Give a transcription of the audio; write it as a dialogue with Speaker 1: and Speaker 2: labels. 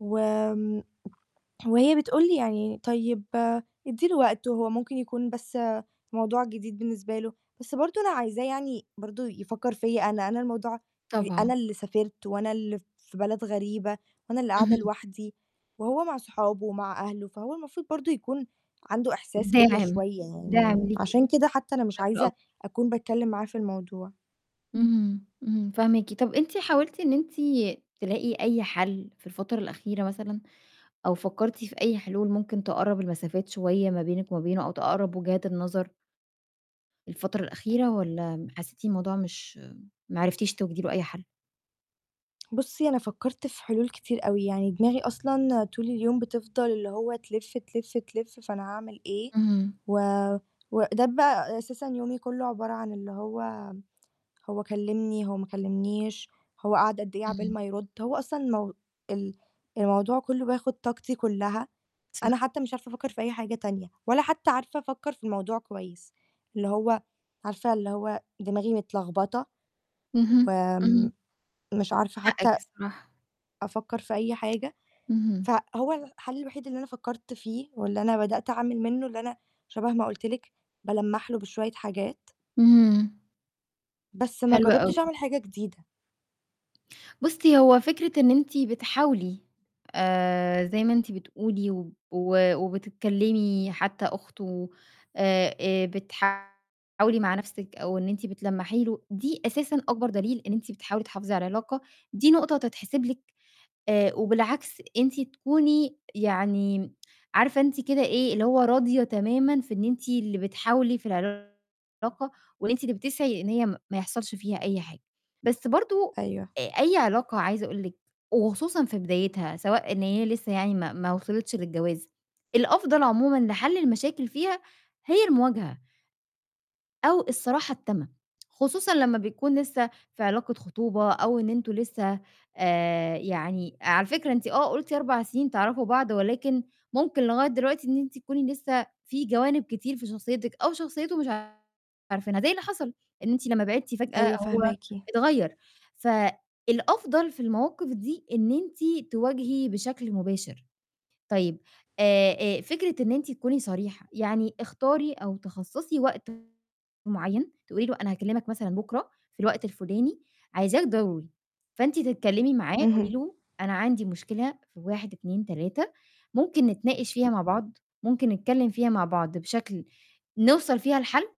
Speaker 1: وآمم وهي بتقول لي يعني "طيب ادّي له وقت هو ممكن يكون بس موضوع جديد بالنسبة له" بس برضه أنا عايزاه يعني برضه يفكّر فيّا أنا، أنا الموضوع بي
Speaker 2: طبعًا.
Speaker 1: أنا اللي سافرت وأنا اللي في بلد غريبة وأنا اللي قاعدة
Speaker 2: اهم.
Speaker 1: لوحدي، وهو مع صحابه ومع أهله، فهو المفروض برضه يكون عنده إحساس بيّا
Speaker 2: دَاعم،
Speaker 1: شوية
Speaker 2: دَاعم
Speaker 1: يعني،
Speaker 2: ليكِ.
Speaker 1: عشان كده حتّى أنا مش
Speaker 2: بشكل
Speaker 1: عايزة
Speaker 2: أكبر.
Speaker 1: أكون باتكلّم معاه في الموضوع.
Speaker 2: اهم، إمم، فاهماكِ، طَب أنتِ حاولتِ إن أنتِ تلاقي أي حَل في الفترة الأخيرة مثلًا؟ أو فكّرتِ في أي حلول ممكن تقرّب المسافات شوية ما بينك وما بينه، أو تقرّب وجهات النظر؟ الفترة الأخيرة والّا م حسّيتِ الموضوع مش ما عرفتيش توجدي له أي حَل؟
Speaker 1: بُصّي أنا فكّرت في حلول كتير أوي، يعني دماغي أصلًا طول اليوم بتفضل اللي هو تلِف، تلِف، تلِف فأنا هاعمل إيه،
Speaker 2: اهم.
Speaker 1: و وده بقى أساسًا يومي كلّه عبارة عن اللي هو، هو كلّمني، هو ما كلّمنيش، هو قاعد قد إيه عقبال
Speaker 2: اهم.
Speaker 1: ما يرُد، هو أصلًا المو ال الموضوع كلّه بياخُد طاقتي كلّها، أنا
Speaker 2: صح.
Speaker 1: حتّى مش عارفة أفكّر في أي حاجة تانية، ولا حتّى عارفة أفكّر في الموضوع كويس، اللي هو عارفة اللي هو دماغي متلخبطة،
Speaker 2: اهم، اهم.
Speaker 1: وآمم مش عارفة
Speaker 2: حقِّك
Speaker 1: حتّى
Speaker 2: بصراحة.
Speaker 1: أفكّر في أي حاجة،
Speaker 2: اهم.
Speaker 1: فهو الحَل الوحيد اللي أنا فكّرت فيه واللي أنا بدأت أعمل منّه اللي أنا شَبه ما قُلت لِك، بالمّح له بشوية حاجات.
Speaker 2: إمم.
Speaker 1: بس ما
Speaker 2: حلو
Speaker 1: جرّبتش
Speaker 2: أوي.
Speaker 1: أعمل حاجة جديدة.
Speaker 2: بُصّي هو فكرة إن أنتِ بتحاولي آآ زي ما أنتِ بتقولي و و وبتتكلّمي حتّى أخته آآ آآ بتحاولي مع نَفْسِك أو إن أنتِ بتلمّحي له، دي أساسًا أكبر دليل إن أنتِ بتحاولي تحافظي على العلاقة، دي نقطة تتحسب لِك آآ وبالعكس أنتِ تكوني يعني عارفة أنتِ كده إيه، اللي هو راضية تمامًا في إن أنتِ اللي بتحاولي في العلاقة، واللي أنتِ اللي بتسعي إن هي م ما يحصلش فيها أي حاجة، بس برضه
Speaker 1: أيوه.
Speaker 2: آآ أي علاقة عايزة أقول لِك وخصوصًا في بدايتها سواء إن هي لسّه يعني ما ما وصلِتش للجواز، الأفضل عمومًا لحَل المشاكل فيها هي المواجهة أو الصراحة التامة، خصوصًا لمّا بيكون لسّه في علاقة خطوبة أو إن أنتم لسّه آآ يعني على فكرة أنتِ آه قُلتِ 4 سِنين تعرفوا بعض، ولكن ممكن لغاية دلوقتي إن أنتِ تكوني لسّه في جوانب كتير في شخصيتِك أو شخصيته مش عارفينها زي اللي حصل إن أنتِ لمّا بعدتِ فجأة
Speaker 1: أيوه،
Speaker 2: هو
Speaker 1: فاهماكِ.
Speaker 2: اتغيّر، ف الأفضل في المواقِف دي إن أنتِ تواجهي بشكل مباشر، طيب آآ آآ فكرة إن أنتِ تكوني صريحة، يعني اختاري أو تخصصي وقت معيّن، تقولي له أنا هاكلّمك مثلًا بُكرة في الوقت الفُلاني عايزاك ضروري، فأنتِ تتكلّمي معاه قولي
Speaker 1: اهم.
Speaker 2: له أنا عندي مشكلة في 1، 2، 3 ممكن نتناقش فيها مع بعض، ممكن نتكلّم فيها مع بعض بشكل نوصل فيها لحَل.